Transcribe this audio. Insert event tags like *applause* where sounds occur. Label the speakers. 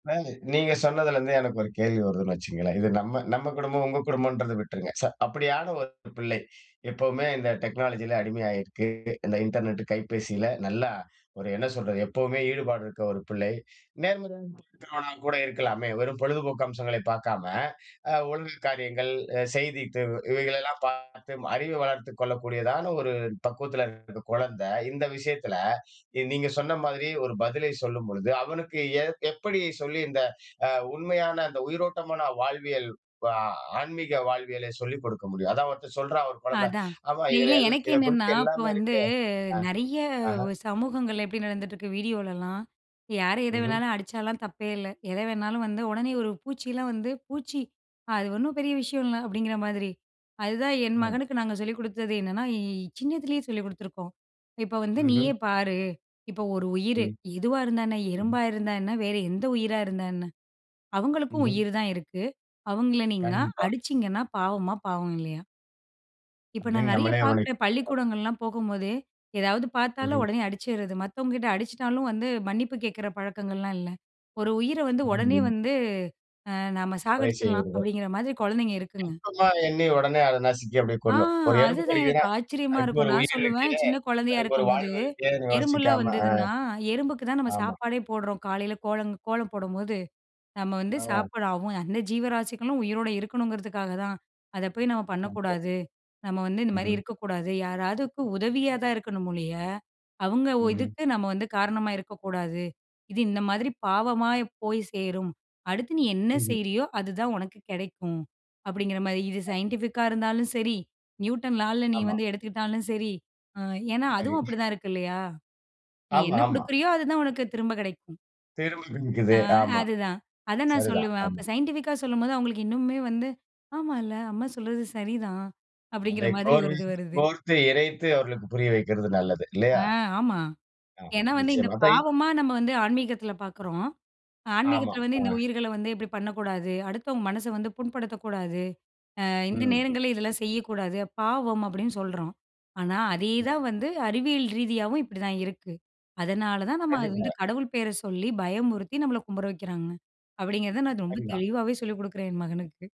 Speaker 1: இப்ப நீங்க சொன்னதுலேருந்தே எனக்கு ஒரு கேள்வி வருதுன்னு வச்சுக்கங்களேன். இது நம்ம நம்ம குடும்பம் உங்க குடும்பம்ன்றத விட்டுருங்க. ச அப்படியான ஒரு பிள்ளை. எப்பவுமே இந்த டெக்னாலஜியில அடிமையாயிருக்கு, இந்த இன்டர்நெட் கைபேசியில. நல்லா ஒரு என்ன சொல்றது? எப்பவுமே ஈடுபாடு இருக்கிற ஒரு பிள்ளை. நேர்மறையா இருக்கிறவன கூட இருக்கலாமே? வெறும் பொழுதுபோக்கு அம்சங்களை பார்க்காம, அ ஒழுங்கு காரியங்கள், அ செய்தி தேர்வு, இவைகளை எல்லாம் பார்த்து அறிவு வளர்த்துக் கொள்ளக்கூடியதான ஒரு பக்குவத்துல இருக்கற கொழந்தை. இந்த விஷயத்துல நீங்க சொன்ன மாதிரி ஒரு பதிலை சொல்லும் பொழுது அவனுக்கு ஏ எப்படி சொல்லி இந்த அ உண்மையான இந்த உயிரோட்டமான வாழ்வியல் பா ஆன்மீக வாழ்வியலை சொல்லிக் கொடுக்க முடியும்? அதான் ஒருத்தன் சொல்றான் "ஒரு குழந்த,
Speaker 2: அதான்.
Speaker 1: அம்மா
Speaker 2: இல்ல இல்ல
Speaker 1: இதுல எல்
Speaker 2: எனக்கு
Speaker 1: இதை
Speaker 2: என்னன்னா?
Speaker 1: குறித்து
Speaker 2: இப்ப
Speaker 1: எல்லாமே
Speaker 2: வந்து
Speaker 1: இருக்கு"
Speaker 2: நெறைய
Speaker 1: ஆ. ஆஹ.
Speaker 2: சமூகங்கள்ல எப்படி நடந்துட்டு இருக்கு வீடியோலலாம், யாரு எதை
Speaker 1: ம்ஹம்.
Speaker 2: வேணாலும் அடிச்சாலாம் தப்பே இல்ல. எத வேணாலும் வந்து உடனே ஒரு பூச்சியில வந்து "பூச்சி அது ஒண்ணும் பெரிய விஷயம் இல்ல" அப்டிங்கிற மாரி. அதுதான் என்
Speaker 1: ம்.
Speaker 2: மகனுக்கு நாங்க சொல்லிக் குடுத்தது என்னன்னா? இ சின்னதுலேயே சொல்லிக் குடுத்துருக்கோம். "இப்ப வந்து
Speaker 1: ம்ஹம்.
Speaker 2: நீயே பாரு. இப்ப ஒரு உயிரு.
Speaker 1: ம்.
Speaker 2: எதுவா இருந்தா என்ன?
Speaker 1: ம்ஹம்.
Speaker 2: எறும்பா இருந்தா என்ன? வேறு எந்த உயிரா இருந்தா என்ன? அவங்களுக்கும்
Speaker 1: ம்ஹம்.
Speaker 2: உயிர் தான் இருக்கு. அவங்கள நீங்கனா
Speaker 1: கண்டிப்பா.
Speaker 2: அடிச்சிங்கன்னா பாவமா, பாவம் இல்லயா?" இப்ப நான்
Speaker 1: அப்டினு
Speaker 2: நெறைய
Speaker 1: நம்மலே அவனை.
Speaker 2: பார்க்கிறேன்.
Speaker 1: *unintelligible*
Speaker 2: பள்ளிக்கூடங்கள்லாம் போகும்போதே, ஏதாது பார்த்தாலும்
Speaker 1: ம்ஹம்.
Speaker 2: உடனே அடிச்சிறது. மத்தவங்க கிட்ட அடிச்சிட்டாலும் வந்து மன்னிப்பு கேட்கிற பழக்கங்கள்லாம் இல்ல. ஒரு உயிர வந்து ஓடனே
Speaker 1: *unintelligible*
Speaker 2: வந்து, அ நம்ம
Speaker 1: வழி
Speaker 2: சாகடிச்சிடலாம்
Speaker 1: செய்கிறது.
Speaker 2: அப்டிங்கிற மாரி கொழந்தைங்க இருக்குங்க.
Speaker 1: அதிகமாக எண்ணி ஓடனே அதை நசிக்கி அப்படியே
Speaker 2: ஆ
Speaker 1: கொன்னு. ஒரு எறும்பு
Speaker 2: அதுதான் எனக்கு
Speaker 1: கடிக்கிறதுனா,
Speaker 2: ஆச்சரியமா
Speaker 1: "அதுக்கு
Speaker 2: இருக்கும்.
Speaker 1: ஒரு
Speaker 2: நான்
Speaker 1: உயிர்
Speaker 2: சொல்லுவேன்
Speaker 1: இருக்கே
Speaker 2: "சின்ன கொழந்தையா
Speaker 1: அதுக்கு ஒரு
Speaker 2: இருக்கும்போது,
Speaker 1: வாழ்வு இருக்கேனு"
Speaker 2: எறும்புலாம்
Speaker 1: யோசிக்காம ஆ,
Speaker 2: வந்ததுனா எறும்புக்கு தான் நம்ம
Speaker 1: ஆமா.
Speaker 2: சாப்பாடே போடுறோம். காலையில கோல, கோலம் போடும்போது. நம்ம வந்து
Speaker 1: ஆ.
Speaker 2: சாப்பாடு ஆகும் அந்த ஜீவராசிகளும் உயிரோடு இருக்கணுங்கிறதுக்காக தான். அத போய் நம்ம
Speaker 1: *unintelligible*
Speaker 2: பண்ணக்கூடாது. நம்ம வந்து இந்த மாரி
Speaker 1: ம்ஹம்.
Speaker 2: இருக்கக்கூடாது. யாராவது உதவியா தான் இருக்கணும் ஒழிய, அவங்க
Speaker 1: ம்ஹம்.
Speaker 2: இதுக்கு நம்ம வந்து காரணமா இருக்கக்கூடாது. இது இந்த மாரி பாவமா போய் சேரும். அடுத்து நீ என்ன
Speaker 1: ம்ஹம்.
Speaker 2: செய்றீயோ, அதுதான் உனக்கு கெடைக்கும். அப்டிங்கிற மாரி இது சைன்டிஃபிக்கா இருந்தாலும் சரி. நியூட்டன் லால்ல நீ
Speaker 1: ஆமா.
Speaker 2: வந்து எடுத்துக்கிட்டாலும் சரி. ஏன்னா அதுவும்
Speaker 1: சரி.
Speaker 2: அப்டிதான் இருக்கு இல்லயா? நீ
Speaker 1: ஆமா
Speaker 2: என்ன
Speaker 1: ஆமா.
Speaker 2: குடுக்குறியோ அதுதான் உனக்கு திரும்ப கெடைக்கும்" ம்.
Speaker 1: திரும்பிக்கிட்டு
Speaker 2: ஆ
Speaker 1: நிக்குது. ஆமா.
Speaker 2: அதுதான். அத நான்
Speaker 1: சரிதான்.
Speaker 2: சொல்லுவேன். அப்போ
Speaker 1: ஆமா.
Speaker 2: சைன்டிஃபிக்கா சொல்லும்போது அவங்களுக்கு இன்னுமே வந்து ''ஆமால்ல, அம்மா சொல்றது சரிதான்'' அப்டிங்கிற
Speaker 1: அதை
Speaker 2: மாரி ஒரு
Speaker 1: கோர்வை
Speaker 2: இது வருது.
Speaker 1: கோர்த்து, இறைத்து அவர்களுக்கு புரிய வைக்கிறது நல்லது
Speaker 2: ஆ
Speaker 1: இல்லையா?
Speaker 2: ஆமா.
Speaker 1: ஆ
Speaker 2: ஏன்னா வந்து இந்த
Speaker 1: நிச்சயமா. அதை,
Speaker 2: பாவமா நம்ம வந்து ஆன்மீகத்தில பார்க்குறோம்.
Speaker 1: ஆமா
Speaker 2: ஆன்மீகத்தில வந்து "இந்த
Speaker 1: ஆ.
Speaker 2: உயிர்கள வந்து இப்படி பண்ணக்கூடாது, அடுத்தவங்க மனச வந்து புண்படுத்தக்கூடாது, அ இந்த
Speaker 1: ம்.
Speaker 2: நேரங்களில இதெல்லாம் செய்யக்கூடாது பாவம்" அப்டின்னு சொல்றோம். ஆனா
Speaker 1: ம்.
Speaker 2: அதேதான் வந்து அறிவியல ரீதியாவும் இப்படி தான் இருக்கு. அதனால தான் நம்ம அது வந்து
Speaker 1: கண்டிப்பா.
Speaker 2: கடவுள் பேரை சொல்லி பயமுறுத்தி நம்மள கும்பிட வைக்கிறாங்க. அப்டிங்கிறத நான் ரொம்ப
Speaker 1: சரிதான்.
Speaker 2: தெளிவாவே சொல்லிக் குடுக்குறேன் என் மகனுக்கு.